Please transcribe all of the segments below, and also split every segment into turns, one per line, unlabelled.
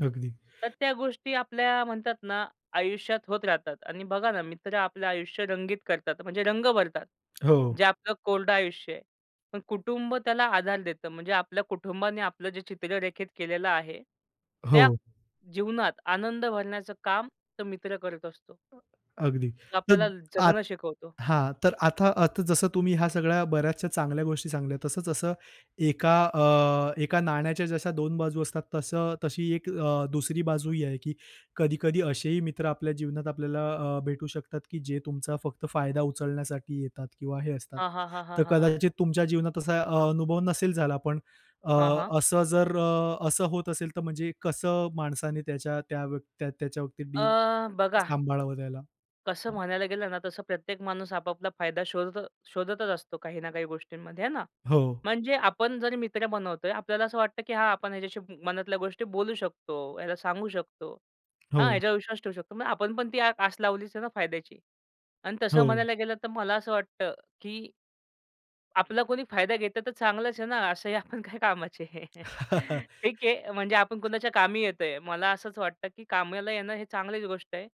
अगदी.
तर त्या गोष्टी आपल्या म्हणतात ना आयुष्यात होत राहतात आणि बघा ना मित्र आपलं आयुष्य रंगीत करतात म्हणजे रंग भरतात
हो.
जे आपलं कोरडं आयुष्य आहे. पण कुटुंब त्याला आधार देतं म्हणजे आपल्या कुटुंबाने आपलं जे चित्र रेखित केलेलं आहे. त्या
हो.
जीवनात आनंद भरण्याचं काम तो मित्र करत असतो.
अगदी,
तो
तर
आपल्याला
आत
जगणं शिकवतो.
हां, तर आता आता जसं तुम्ही ह्या सगळ्या बऱ्याचशा चांगल्या गोष्टी सांगितल्या तसंच असं एका अ, एका अ, नाण्याच्या जशा दोन बाजू असतात तसं, तशी एक अ, दुसरी बाजू ही आहे की कधी-कधी असेही मित्र आपल्या जीवनात आपल्याला अ, भेटू शकतात की जे तुमचा फक्त फायदा उचलण्यासाठी येतात किंवा हे असतात.
हां, हां, हां, हां,
तर
हां, हां.
कदाचित तुमच्या जीवनात असा अ, अनुभव नसेल झाला पण अ,
हां, हां.
असं जर अ, असं होत असेल तर म्हणजे कसं माणसाने त्याच्या त्या व्य त्याच्याबाबतीत डील
अ, बघा
सांभाळावं त्याला?
कसं
हं.
म्हणायला गेलं ना तसं प्रत्येक माणूस आपापला फायदा शोधत शोधतच असतो काही ना काही गोष्टींमध्ये आहे ना.
हो.
म्हणजे आपण जरी मित्र बनवतोय आपल्याला असं वाटतं की हा आपण ह्याच्याशी मनातल्या गोष्टी बोलू शकतो, याला सांगू शकतो. हा
हो.
ह्याच्यावर विश्वास ठेवू शकतो. मग आपण पण ती आस लावलीच आहे ना फायद्याची. आणि तसं
हो.
म्हणायला गेलं तर मला असं वाटतं की आपला कोणी फायदा घेतं तर चांगलंच आहे ना. असंही आपण काय कामाची आहे ठीक आहे. म्हणजे आपण कुणाच्या कामी येतोय. मला असंच वाटतं की कामाला येणं हे चांगलीच गोष्ट आहे.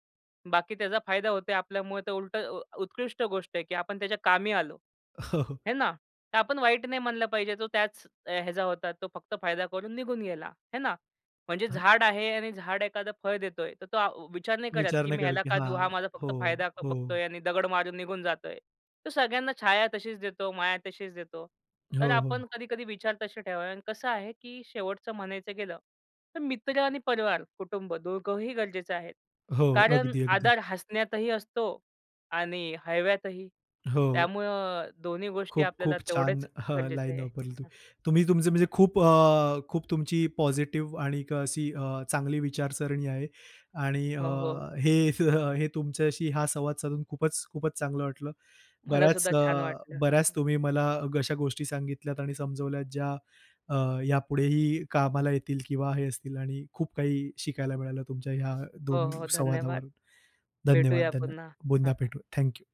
बाकी त्याचा फायदा होतोय आपल्यामुळे ते उलट उत्कृष्ट गोष्ट आहे की आपण त्याच्या कामी आलो. आहे ना तर आपण वाईट नाही म्हणलं पाहिजे तो त्याच ह्याचा होता तो फक्त फायदा करून निघून गेला आहे ना. म्हणजे
हां.
झाड आहे आणि झाड एखादं फळ देतोय तर तो आ अ, विचार नाही करत,
विचार
की
नाही
मी
करत,
ह्याला
की
का देऊ.
हां,
हा माझा फक्त
हो,
फायदा
हो.
बघतोय आणि दगड मारून निघून जातोय. तो सगळ्यांना छाया तशीच देतो, माया तशीच देतो.
हो,
तर
हो.
आपण कधी-कधी विचार तसे ठेवावे आणि कसं आहे की शेवटचं म्हणायचं गेलं तर मित्र आणि परिवार, कुटुंब दोघंही गरजेचं आहे.
हो,
कारण
अगदी, अगदी.
आधार हसण्यातही असतो आणि हळव्यातही.
हो.
त्यामुळं अ, दोन्ही गोष्टी आपल्याला
खूप-खूप छान.
तेवढेच
हां,
गरजेचे
लाईन
आहे.
वापरली
हं,
तुम्ही.
हं.
तुम्ही तुमचं म्हणजे खूप अ, खूप तुमची पॉझिटिव्ह आणि एक अशी अ, चांगली विचारसरणी आहे आणि अ,
हो, हो.
हे तुमच्याशी हा संवाद साधून खूपच खूपच चांगलं वाटलं.
मला
बऱ्याच
सुद्धा
अ,
छान वाटलं
बऱ्याच
हं.
तुम्ही मला अशा गोष्टी सांगितल्यात आणि समजवल्यात ज्या अ, यापुढेही कामाला येतील किंवा हे असतील आणि खूप काही शिकायला मिळालं तुमच्या ह्या
हो,
2
हो. धन्यवाद.
संवादावरून. धन्यवाद,
भेटूया
धन्यवाद.
पुन्हा.
पुन्हा भेटू. Thank you.